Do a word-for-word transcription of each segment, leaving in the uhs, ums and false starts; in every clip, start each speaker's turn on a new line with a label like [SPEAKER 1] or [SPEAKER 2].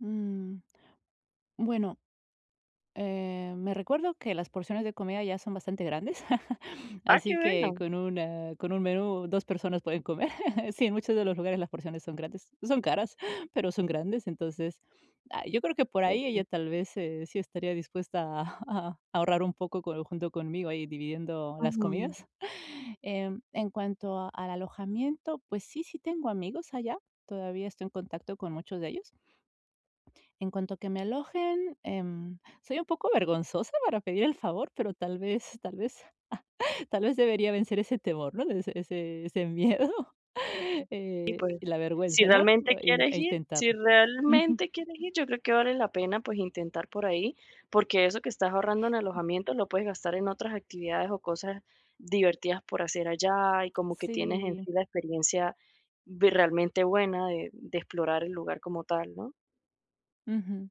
[SPEAKER 1] Mm, bueno, eh, me recuerdo que las porciones de comida allá son bastante grandes,
[SPEAKER 2] Ah, que
[SPEAKER 1] así que
[SPEAKER 2] bueno.
[SPEAKER 1] con un, ah, con un menú dos personas pueden comer. Sí, en muchos de los lugares las porciones son grandes, no son caras, pero son grandes. Entonces, ay, yo creo que por ahí ella
[SPEAKER 2] Okey.
[SPEAKER 1] tal vez, se sí estaría dispuesta a ahorrar un poco junto conmigo, ahí dividiendo las
[SPEAKER 2] Ujú.
[SPEAKER 1] comidas, em, en cuanto al alojamiento, pues sí, sí tengo amigos allá, todavía estoy en contacto con muchos de ellos. En cuanto a que me alojen, em, soy un poco vergonzosa para pedir el favor, pero tal vez tal vez tal vez debería vencer ese temor, ¿no? Ese ese ese miedo
[SPEAKER 2] Y
[SPEAKER 1] y
[SPEAKER 2] pues,
[SPEAKER 1] la
[SPEAKER 2] si
[SPEAKER 1] vergüenza, ¿no?
[SPEAKER 2] realmente
[SPEAKER 1] E
[SPEAKER 2] quieres ir si
[SPEAKER 1] intentarlo. Ujú.
[SPEAKER 2] realmente quieres ir, yo creo que vale la pena, pues, intentar por ahí. Porque eso que estás ahorrando en
[SPEAKER 1] Ujú.
[SPEAKER 2] alojamiento, lo puedes gastar en otras actividades, o, cosas divertidas por hacer allá, y como que tienes en
[SPEAKER 1] Sí.
[SPEAKER 2] sí la experiencia realmente buena de de explorar el lugar como tal, ¿no?
[SPEAKER 1] Ujú.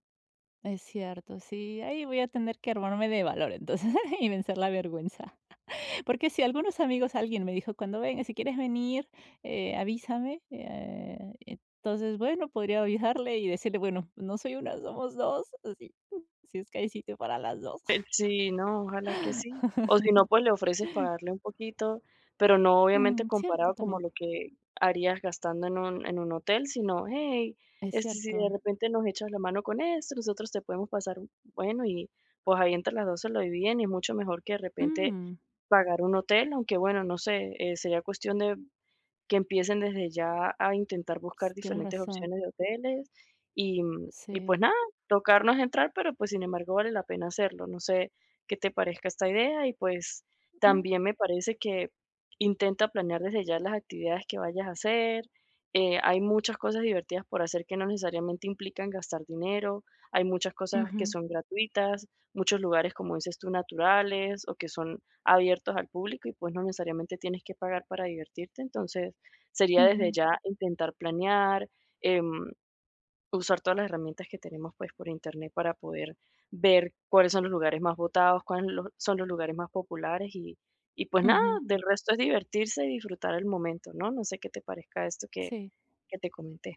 [SPEAKER 1] Es cierto, sí, ahí voy a tener que armarme de valor entonces y vencer la vergüenza. Porque si algunos amigos alguien me dijo: "Cuando vengas si quieres venir, eh, avísame", eh, entonces, bueno, podría ayudarle, y decirle: "Bueno, no soy una, somos dos," así, si es que hay sitio para las dos.
[SPEAKER 2] Sí, no, ojalá que sí. O si no, pues, le ofreces pagarle un poquito, pero, no obviamente
[SPEAKER 1] Mm, cierto
[SPEAKER 2] comparado como
[SPEAKER 1] también.
[SPEAKER 2] lo que harías gastando en un en un hotel, sino: "Ey,
[SPEAKER 1] Es
[SPEAKER 2] este, si de
[SPEAKER 1] cierto.
[SPEAKER 2] repente nos echas la mano con esto, nosotros te podemos pasar un" bueno, y pues, ahí entre las dos se lo dividen, y mucho mejor que de repente
[SPEAKER 1] Mm.
[SPEAKER 2] pagar un hotel. Aunque, bueno, no sé, eh, sería cuestión de que empiecen desde ya a intentar buscar
[SPEAKER 1] Tienes
[SPEAKER 2] diferentes
[SPEAKER 1] razón.
[SPEAKER 2] opciones de hoteles. Y y,
[SPEAKER 1] Sí.
[SPEAKER 2] pues, nada, tocar no es entrar, pero, pues, sin embargo vale la pena hacerlo, no sé qué te parezca esta idea. Y, pues,
[SPEAKER 1] Mm.
[SPEAKER 2] también me parece que intenta planear desde ya las actividades que vayas a hacer, eh, hay muchas cosas divertidas por hacer que no necesariamente implican gastar dinero, hay muchas cosas que
[SPEAKER 1] Ujú.
[SPEAKER 2] son gratuitas, muchos lugares, como dices tú, naturales, o, que son abiertos al público. Y, pues, no necesariamente tienes que pagar para divertirte. Entonces, sería desde
[SPEAKER 1] Ujú.
[SPEAKER 2] ya intentar planear, em, usar todas las herramientas que tenemos, pues, por Internet para poder ver cuáles son los lugares más votados, cuáles son los lugares más populares, y y pues nada,
[SPEAKER 1] Ujú.
[SPEAKER 2] del resto es divertirse y disfrutar el momento, ¿no? No sé qué te parezca esto que
[SPEAKER 1] Sí.
[SPEAKER 2] que te comenté.